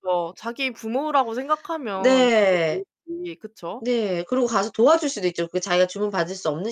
그죠. 자기 부모라고 생각하면 그게 네. 그렇지 그쵸? 네. 그리고 가서 도와줄 수도 있죠. 그 자기가 주문받을 수 없는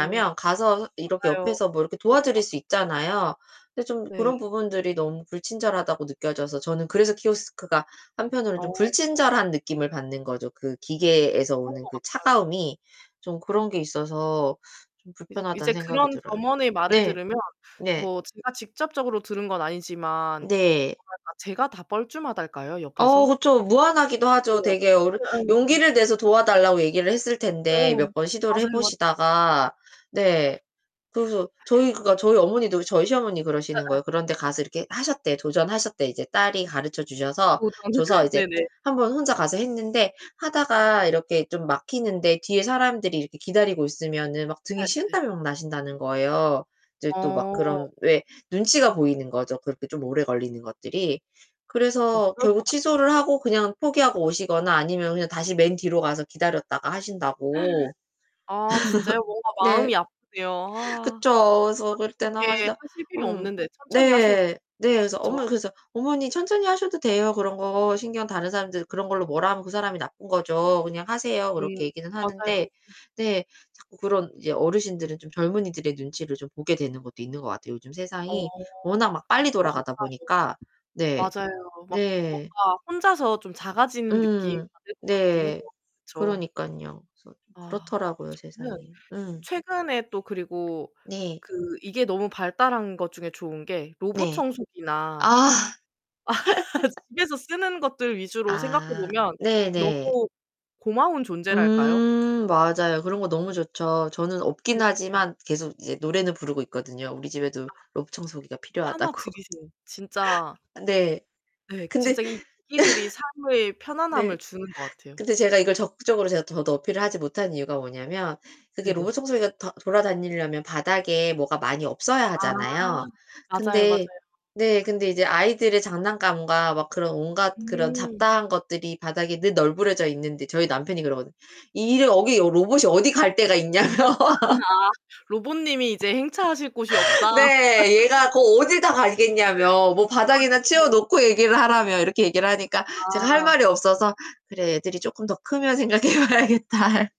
음. 가서 이렇게 맞아요. 옆에서 뭐 이렇게 그것도 도와드릴 수 맞아. 있잖아요. 근데 좀 그런 네. 부분들이 너무 불친절하다고 느껴져서 저는 그래서 키오스크가 한편으로는 좀 어. 불친절한 느낌을 받는 거죠. 그 기계에서 그런 오는 것 그 같아요. 차가움이 좀 그런 게 있어서 좀 이제 이제 불편하다는 생각이 그런 들어요. 점원의 말을 네. 들으면 네. 뭐 제가 직접적으로 들은 건 아니지만 제가 네. 다 제가 다 뻘쭘하달까요, 어 옆에서? 그쵸. 무안하기도 하죠. 그게 옆 되게 어르 예예예예. 용기를 내서 도와달라고 얘기를 했을 텐데 음음. 몇 번 시도를 해 맞아요, 맞아요. 보시다가 네. 그래서 저희 그러니까 저희 어머니도 저희 시어머니 그러시는 예예. 거예요. 그런 데 가서 이렇게 하셨대. 도전하셨대. 이제 딸이 가르쳐 주셔서 도전 줘서 이제 네네. 1 번 혼자 가서 했는데 하다가 이렇게 좀 막히는데 뒤에 사람들이 이렇게 기다리고 있으면은 막 등에 예예. 식은땀이 막 나신다는 거예요. 이제 또 막 어. 그런 왜 눈치가 보이는 거죠, 그렇게 좀 오래 걸리는 것들이. 어 그래서 그럴 것 결국 같아요. 취소를 하고 그냥 포기하고 오시거나 아니면 그냥 다시 맨 뒤로 가서 기다렸다가 하신다고. 아 진짜요? 뭔가 네. 마음이 아프네요. 아. 아 그쵸. 그래서 그럴 때는 그렇게 아 진짜 하실 필요 음. 없는데 천천히 하셔도. 네. 네. 그래서 그쵸? 어머니 그래서 "어머니 천천히 하셔도 돼요. 그런 거 신경 다른 사람들 그런 걸로 뭐라 하면 그 사람이 나쁜 거죠. 그냥 하세요." 음 그렇게 얘기는 맞아요. 하는데 근데 자꾸 그런 이제 어르신들은 좀 젊은이들의 눈치를 좀 보게 되는 것도 있는 것 같아요. 요즘 어. 세상이 워낙 막 빨리 그럴 것 돌아가다 보니까 네. 같아요. 맞아요. 막 네. 뭔가 혼자서 좀 작아지는 느낌 음. 받을 것 같긴 해요. 네. 그쵸? 그러니깐요. 그래서 좀 아 그렇더라고요 저는 세상이. 음. 최근에 또 그리고 네. 그 이게 너무 발달한 것 중에 좋은 게 로봇 네. 청소기나 아. 집에서 쓰는 것들 위주로 생각해 아 보면 네네. 너무 고마운 존재랄까요? 음 맞아요. 그런 거 너무 좋죠. 저는 없긴 네네. 하지만 계속 이제 노래는 부르고 있거든요. 우리 아. 집에도 로봇 청소기가 하나 필요하다고. 들이세요. 진짜 네. 예. 근데 진짜 이 기기들이 삶의 네. 편안함을 주는 것 같아요. 근데 제가 이걸 적극적으로 제가 더, 더 어필을 하지 못한 이유가 뭐냐면 그게 네네. 로봇 청소기가 더 돌아다니려면 바닥에 뭐가 많이 없어야 아 하잖아요. 맞아요, 맞아요. 근데. 근데 이제 아이들의 장난감과 막 그런 온갖 그런 음. 잡다한 것들이 바닥에 늘 널브러져 있는데 저희 남편이 그러거든요. 이래 여기 여 로봇이 어디 갈 데가 있냐며. 아 로봇님이 이제 행차하실 곳이 없다. 아 네. 얘가 거 어딜 다 가겠냐며 뭐 바닥이나 치워 그러네요. 놓고 얘기를 하라며 이렇게 얘기를 하니까 제가 할 아. 말이 없어서 '그래. 애들이 쪼끔 더 크면 생각해 봐야겠다.'